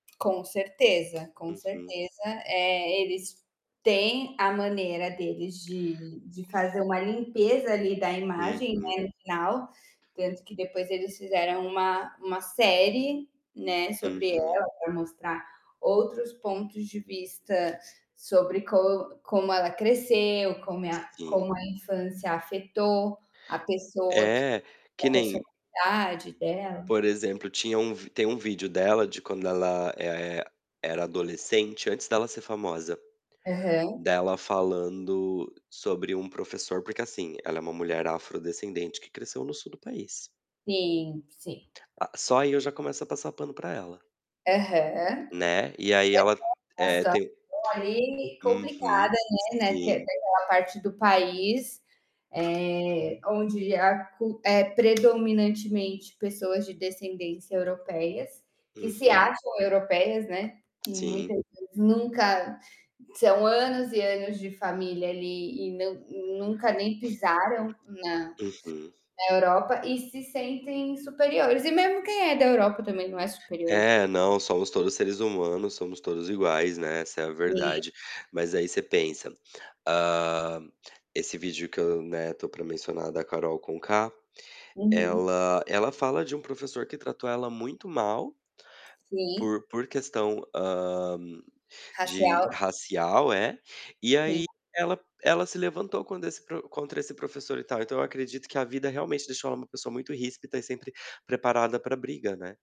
Com certeza, com Uhum. certeza. Eh, eles têm a maneira deles de de fazer uma limpeza, ali, da imagem, Uhum. né, no final, tanto que depois eles fizeram uma uma série, né, sobre Uhum. ela, para mostrar outros pontos de vista, sobre co como ela cresceu, como a Sim. como a infância afetou a pessoa q É, que a nem personalidade dela. por exemplo, tinha um tem um vídeo dela de quando ela, eh, era adolescente, antes dela ser famosa, Aham. dela falando sobre um professor porque, assim, ela é uma mulher afrodescendente que cresceu no sul do país Sim, sim. a só aí eu já começo a passar pano para ela Aham. né, e aí ela, [unintelligible] a eh, situação te ali, complicada, Uhum, né né, porque é sim. daquela parte do país, eh, onde a cul é predominantemente pessoas de descendências europeias, que se Uhum. acham europeias, né, e Sim. muitas vezes nunca são anos e anos de família ali e não nunca nem pisaram na Uhum. na Europa e se sentem superiores. E mesmo quem é da Europa, também, não é superior. Eh, não, somos todos seres humanos, somos todos iguais, né, essa é a Sim. verdade. Mas aí você pensa, hã, esse vídeo que eu, né, estou para mencionar da Karol Conká, Uhum. ela ela fala de um professor que tratou ela muito mal Sim. por por questão, hã, de Racial. racial, é, e aí Sim. ela ela se levantou quando esse pro contra esse professor e tal, então, eu acredito que a vida realmente deixou ela uma pessoa muito ríspida e sempre preparada para briga, né.